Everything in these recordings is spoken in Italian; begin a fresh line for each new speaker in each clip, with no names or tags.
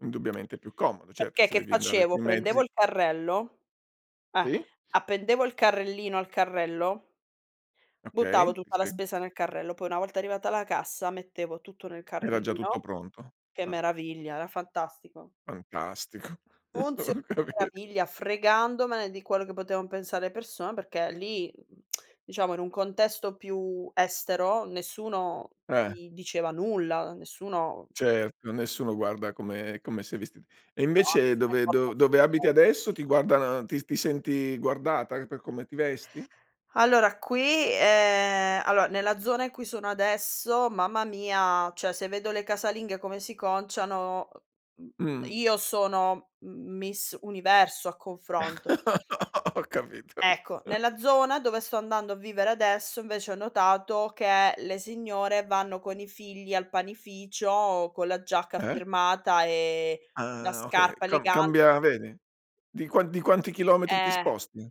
Indubbiamente è più comodo, certo
Perché
se
che
devi andare
facevo?
sui
Prendevo
mezzi.
il carrello, eh,
Sì.
appendevo il carrellino al carrello buttavo
Okay, ti
tutta la
se
spesa nel carrello, poi una volta arrivata alla cassa mettevo tutto nel
Era già tutto
carrellino.
pronto,
Che
ah.
meraviglia, era fantastico.
Fantastico.
Funziona
Ho
a
capi
meraviglia, fregandomene di quello che potevan pensare le persone, perché lì, mhmm, diciamo in un contesto più estero, nessuno
Eh.
di diceva nulla, nessuno
Certo, nessuno guarda come come sei vestit e
No, a
invece
nessuno
dove
importa
dov
un fico
dove abiti
secco.
adesso ti guardano ti ti senti guardata per come ti vesti?
Allora qui ehm, allora nella zona in cui sono adesso, mamma mia, cioè, se vedo le casalinghe come si conciano, uhm, mhmm,
Mh.
io sono m Miss Universo a confronto.
Ho capito.
Ecco, nella zona dove sto andando a vivere adesso, invece, ho notato che le signore vanno con i figli al panificio, con la giacca
Eh.
firmata e la
Ah okay,
scarpa
cam
elega
cambia vedi? Di quan di quanti chilometri ti
Eh
sposti?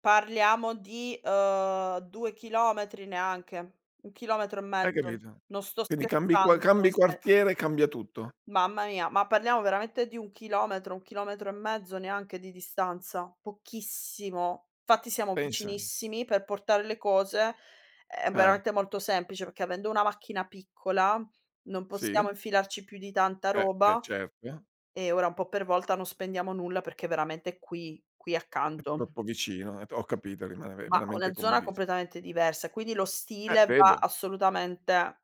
parliamo di, uhm, 2 chilometri neanche, 1 chilometro e
Hai
mezzo.
capito,
Non sto
quindi cambi qua
scherzando,
cambi
sono sera.
quartiere cambia tutto.
Mamma mia, ma parliamo veramente di 1 chilometro, 1 chilometro e mezzo, neanche, di distanza. Pochissimo, fatti siamo
Pensa.
vicinissimi per portare le cose, è
Eh.
veramente molto semplice, perché avendo una macchina piccola, non
Sì.
possiamo infilarci più di tanta
Eh beh,
roba
certo.
e ora un po' per volta non spendiamo nulla, perché è veramente qui qui
È
accanto.
troppo vicino, è t ho capito rimane ve
Ma una
veramente
zona
comodissi
completamente diversa, quindi lo
Eh
stile va
vedo.
assolutamente,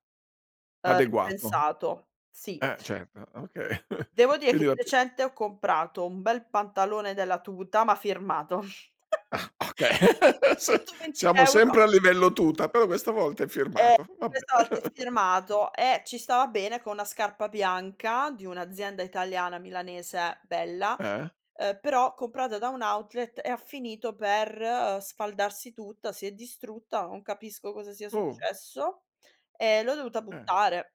uhm,
Adeguato.
ripensato. Sì.
Eh certo, okay.
Devo dire che
Quindi va
di
[unintelligible]
recente ho comprato un bel pantalone della tuta, ma firmato.
Ah okay, s
Ntoventi
siamo
euro.
sempre a livello tuta, però questa volta è
Eh
firmato. Va
questa
bene.
volta è firmato e ci stava bene con na' scarpa bianca di un'azienda italiana milanese bella,
Eh.
uhm, però comprata da un outlet e ha finito per sfaldarsi tutta, si è distrutta, non capisco cosa sia
Oh.
successo e l'ho dovuta
Eh.
buttare.